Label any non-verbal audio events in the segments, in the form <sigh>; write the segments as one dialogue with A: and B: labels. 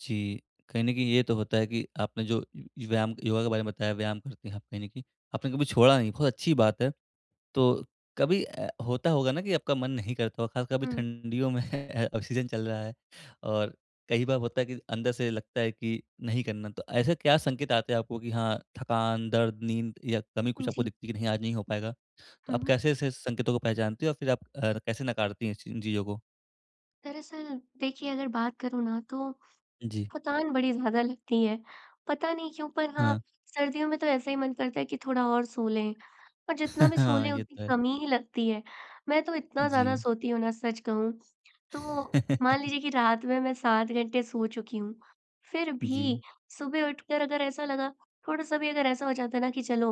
A: जी, कहीं न कहीं ये तो होता है कि आपने जो व् व्यायाम योगा के बारे में बताया व्यायाम करते हैं आप कहीं न कहीं आपने कभी छोड़ा नहीं बहुत अच्छी बात है। तो कभी अ, होता होगा ना कि आपका मन नहीं करता होगा ख़ासकर कभी
B: उम।
A: ठंडियों में <chuckles> अ, सीज़न चल रहा है और कई बार होता है कि अंदर से लगता है कि नहीं करना। तो ऐसे क्या संकेत आते हैं आपको कि हाँ थकान दर्द, नींद या कमी
B: अ,
A: कुछ आपको
B: जी।
A: दिखती है कि नहीं आज नहीं हो पाएगा। तो
B: हुँ,
A: आप
B: हुँ।
A: कैसे ऐसे संकेतों को पहचानती हो और फ़िर आप अ, कैसे नकारती हैं इस इन ची चीज़ों को?
B: दरअसल देखिए अगर बात करूँ ना तो
A: जी।
B: थकान बड़ी ज़्यादा लगती है। पता नहीं क्यों पर हाँ
A: हाँ।
B: सर्दियों में तो ऐसे ही मन करता है कि थोड़ा और सो लें पर जितना भी सो
A: <chuckles> हाँ,
B: लें
A: ये
B: उतनी
A: तो है।
B: कमी ही लगती है। मैं तो इतना ज़्यादा
A: जी।
B: सोती हूँ ना सच कहूँ तो। मान
A: <laughs>
B: लीजिए कि रात में मैं 7 घंटे सो चुकी हूँ फ़िर भी
A: जी।
B: सुबह उठकर अगर ऐसा लगा थोड़ा-सा भी अगर ऐसा हो जाता है ना कि चलो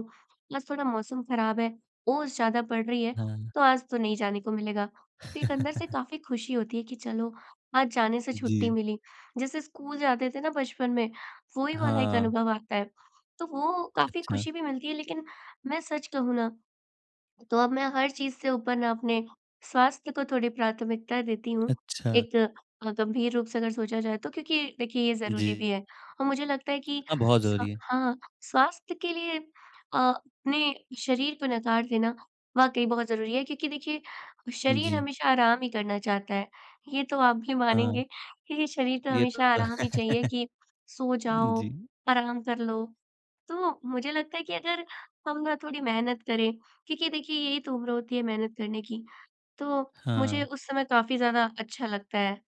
B: आज थोड़ा मौसम ख़राब है, ओस ज़्यादा पड़ रही है
A: हाँ।
B: तो आज तो नहीं जाने को मिलेगा। तो एक अंदर से
A: <laughs>
B: काफ़ी ख़ुशी होती है कि चलो आज जाने से छुट्टी
A: जी।
B: मिली। जैसे स्कूल जाते थे ना बचपन में वही वाला एक
A: हाँ।
B: अनुभव आता है। तो वो काफ़ी
A: अच्छा।
B: ख़ुशी भी मिलती है लेक़िन मैं सच कहूँ ना तो अब मैं हर चीज़ से ऊपर ना अपने स्वास्थ्य को थोड़ी प्राथमिकता देती हूँ।
A: अच्छा।
B: एक अ, गंभीर रूप से अगर सोचा जाए तो क्योंकि देखिए ये ज़रूरी भी
A: जी।
B: है और मुझे लगता है कि
A: हाँ, बहुत
B: स
A: ज़रूरी है।
B: हाँ स्वास्थ्य के लिए अ, अपने शरीर को नकार देना वाक़ई बहुत ज़रूरी है क्योंकि देखिए शरीर
A: जी।
B: हमेशा आराम ही करना चाहता है। ये तो आप भी
A: हाँ।
B: मानेंगे क्योंकि शरीर तो
A: ये तो
B: हमेशा
A: है
B: आराम ही चाहिए कि
A: <chuckles>
B: सो जाओ
A: जी।
B: आराम कर लो। तो मुझे लगता है कि अगर हम ना थोड़ी मेहनत करें क्योंकि देखिए यही तो उम्र होती है मेहनत करने की तो मुझे
A: हाँ।
B: उस समय काफ़ी ज़्यादा अच्छा लगता है।